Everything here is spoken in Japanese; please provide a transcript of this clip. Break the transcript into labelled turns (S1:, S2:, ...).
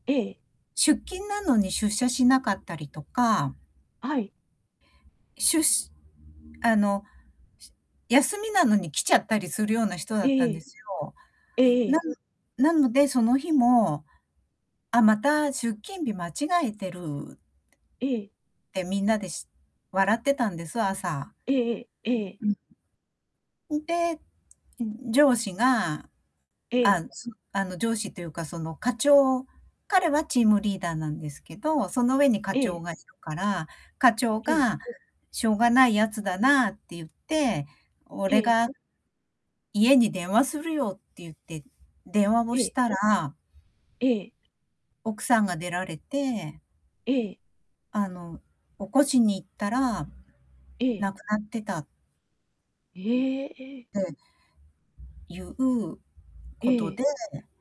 S1: ええ。
S2: 出勤なのに出社しなかったりとか。
S1: はい。
S2: しゅしあの、し休みなのに来ちゃったりするような人だ
S1: え
S2: ったんで
S1: え。
S2: すよ。
S1: えええ
S2: な
S1: え。
S2: ぬなので、その日も「あ、また、出勤日間違えてる」
S1: ええ。
S2: て、みんなでし笑ってたんです、朝。
S1: ええええ。ええ。
S2: うん。んで、う、上司が、
S1: ええ。
S2: あ、そあの上司というか、その課長彼はチームリーダーなんですけど、その上に課長
S1: ええ。
S2: がいるから、課長
S1: ええ。
S2: が「しょうがない奴だな」って言って
S1: え
S2: 「俺
S1: え。
S2: が家に電話するよ」って言って電話を
S1: え
S2: し
S1: え。
S2: たら
S1: ええ。
S2: 奥さんが出られて
S1: ええ。
S2: あの、起こしに行ったら、
S1: ええ。
S2: 亡くなってた。
S1: ええ。え。
S2: でいう
S1: え
S2: こと
S1: え。
S2: で。